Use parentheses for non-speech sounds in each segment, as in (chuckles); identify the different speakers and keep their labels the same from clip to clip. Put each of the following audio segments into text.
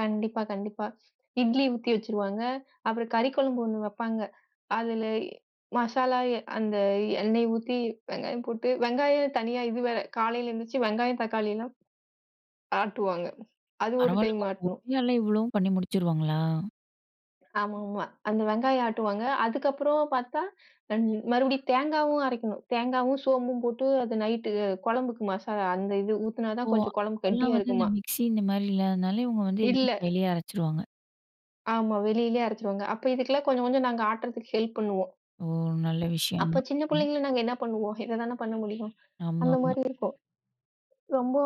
Speaker 1: கண்டிப்பா, கண்டிப்பா. இட்லி ஊத்தி வச்சிருவாங்க. அப்புறம் கறி குழம்பு ஒண்ணு வெப்பாங்க. அதுல எ மசாலா அந்த எண்ணெய் ஊத்தி, வெங்காயம் போட்டு வெங்காயம் தனியா இது வேற காலைல எந்துச்சு வெங்காயம், தக்காளிலாம் ஆட்டுவாங்க. அது ஒரு டைம்
Speaker 2: பரவால்லங்க. ப ஒ
Speaker 1: ஆட்டணும்.
Speaker 2: (unintelligible) இவ்வளவும் பண்ணி முடுச்சுருவாங்களா?
Speaker 1: ஆமாமா. அந்த வெங்காயம் ஆட்டுவாங்க. அதுக்கப்புறம் பாத்தா (unintelligible) மறுபடியும் தேங்காவும் அரைக்கணும். தேங்காவும், சோம்பும் போட்டு அது நைட்டு குழம்புக்கு மசாலா அந்த இது ஊத்துனா தா
Speaker 2: ஓ.
Speaker 1: கொஞ்சம் கொழம்பு
Speaker 2: அப்பல்லாம்
Speaker 1: கெட்டியா
Speaker 2: வந்து இந்த
Speaker 1: இருக்குமாம்.
Speaker 2: மிக்சி இந்த மாரி இல்லாதுனால, இவங்க வந்து
Speaker 1: இல்ல.
Speaker 2: எல்லாமே கைலயே அரச்சுருவாங்க.
Speaker 1: ஆமா, வெளிலயே அரச்சுருவாங்க. அப்ப இதுக்கெல்லாம் கொஞ்சம், கொஞ்சம் நாங்க ஆட்டறதுக்கு ஹெல்ப் பண்ணுவோம்.
Speaker 2: ஓ! நல்ல விஷயம் தான்.
Speaker 1: அப்பச் சின்னப்
Speaker 2: ம்.
Speaker 1: புள்ளங்கள்ள நாங்க என்ன பண்ணுவோம், இததான பண்ண முடியும். அந்த
Speaker 2: ஆமாமா.
Speaker 1: மாரி இருக்கும். ரொம்போ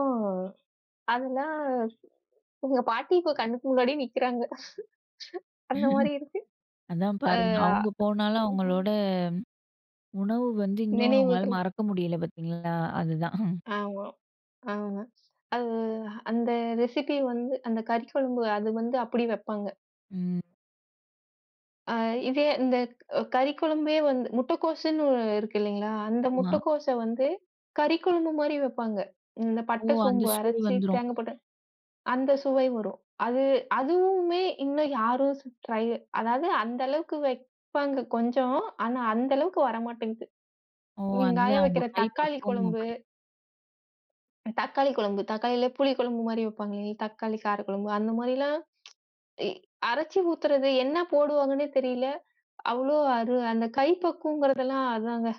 Speaker 1: அதெல்லா எங்க பாட்டி இப்ப கண்ணுக்கு முன்னாடியே நிக்கிறாங்க. (chuckles) அந்த மாரி இருக்கு.
Speaker 2: (chuckles) அதான்
Speaker 1: அ,
Speaker 2: பாருங்க. அவங்க
Speaker 1: அ,
Speaker 2: போனாலும் அவங்களோட, உணவு வந்து இன்னும் உங்களால
Speaker 1: நினைவுகள்.
Speaker 2: மறக்க முடில பாத்தீங்களா? அதுதான். (chuckles)
Speaker 1: ஆமா, ஆமா. அது அந்த ரெசிபி வந்து அந்தக் கறி குழம்பு அது வந்து அப்படி வெப்பாங்க.
Speaker 2: ம்.
Speaker 1: அ, இதே அந்தக் ஓ கறிக் குழம்பே வந்து முட்டக்கோசுன்னு இருக்கு இல்லிங்களா, அந்த
Speaker 2: ஆமா.
Speaker 1: முட்டக்கோச வந்து, கறி குழம்பு மாரி வெப்பாங்க. இந்தப்
Speaker 2: ஓ!
Speaker 1: பட்ட,
Speaker 2: அந்த
Speaker 1: சோம்பு
Speaker 2: சுவை
Speaker 1: அரைச்சு,
Speaker 2: வந்துரும்.
Speaker 1: தேங்கா போட்டு அந்த சுவை வரும். அது, அதுவுமே இன்னு யாரு சு ட்ரை அதாது அந்த அளவுக்கு வெப்பாங்க கொஞ்சம். ஆனா அந்த அளவுக்கு வர மாட்டேங்குது.
Speaker 2: ஓ,
Speaker 1: எங்காயா
Speaker 2: அதுதான் அந்த
Speaker 1: வெக்கிற தக்காளி
Speaker 2: கைப்பக்குவம்
Speaker 1: குழம்பு.
Speaker 2: அப்படி.
Speaker 1: தக்காளி கொழம்பு தக்காளிலே புளி குழம்பு மாரி வைப்பாங்லே, தக்காளி காரகொழம்பு அந்த மாரிலாம், (tsk) எ அரைச்சு ஊத்துறது என்ன போடுவாங்கன்னே தெரியல. அவ்வளவு அரு அந்தக் கைப்பக்குவங்கறதுலாம் அதாங்க.